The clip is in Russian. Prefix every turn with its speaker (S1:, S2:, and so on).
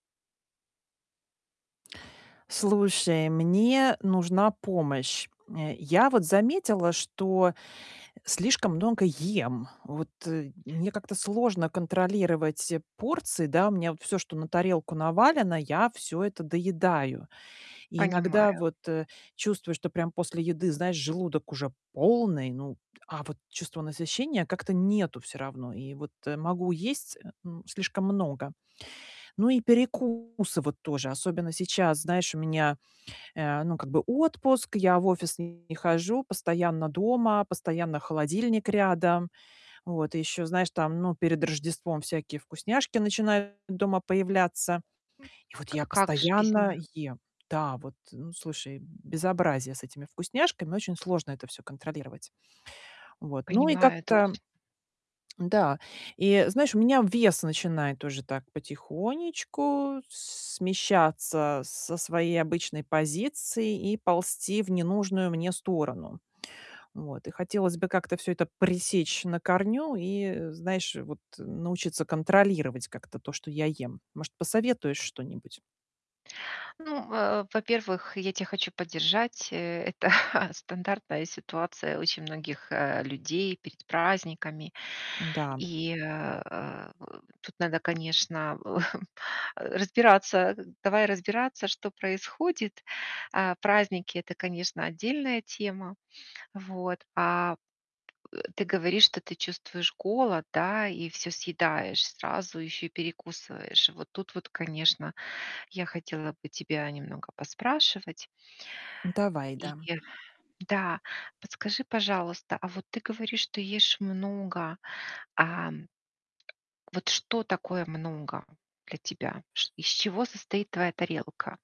S1: Слушай, мне нужна помощь. Э, я вот заметила, что слишком много ем. Вот, э, мне как-то сложно контролировать порции, да? У меня вот всё, что на тарелку навалено, я всё это доедаю. И иногда
S2: Понимаю.
S1: вот, э, чувствую, что прям после еды, знаешь, желудок уже полный, ну а вот чувства насыщения как-то нету всё равно. И вот могу есть, э, м, слишком много. Ну и перекусы вот тоже, особенно сейчас. Знаешь, у меня, э, ну, как бы отпуск, я в офис не хожу, постоянно дома, постоянно холодильник рядом. Вот. И ещё, знаешь, там, ну перед Рождеством всякие вкусняшки начинают дома появляться. И вот
S2: К
S1: я
S2: а как же без
S1: постоянно
S2: них?
S1: ем. Да вот, ну, слушай, безобразие с этими вкусняшками, очень сложно это всё контролировать. Вот. Ну, и
S2: Понимаю, это
S1: как-то
S2: очень
S1: Н-да. И знаешь, у меня вес начинает уже так потихонечку с смещаться со своей обычной позиции и ползти в ненужную мне сторону. Вот. И хотелось бы как-то всё это пресечь на корню и, э, знаешь, вот, э, научиться контролировать как-то то, что я ем. Может, посоветуешь что-нибудь?
S2: Ну, э, во-первых, я тя хочу поддержать. Э, это, стандартная ситуация очень многих, э, людей перед праздниками.
S1: Н-да.
S2: И, э э, тут надо, конечно, л э, разбираться. Гы Давай разбираться, что происходит. А, праздники- это, конечно, отдельная тема. Вот. А, ты говоришь, что ты чувствуешь голод, да? И всё съедаешь сразу, еще и перекусываешь. Вот тут вот, конечно, я хотела бы тебя немного поспрашивать.
S1: Давай,
S2: И
S1: да.
S2: Да, подскажи, пожалуйста, а вот ты говоришь, что ешь много. Ам, вот, что такое много для тебя? Шт из чего состоит твоя тарелка?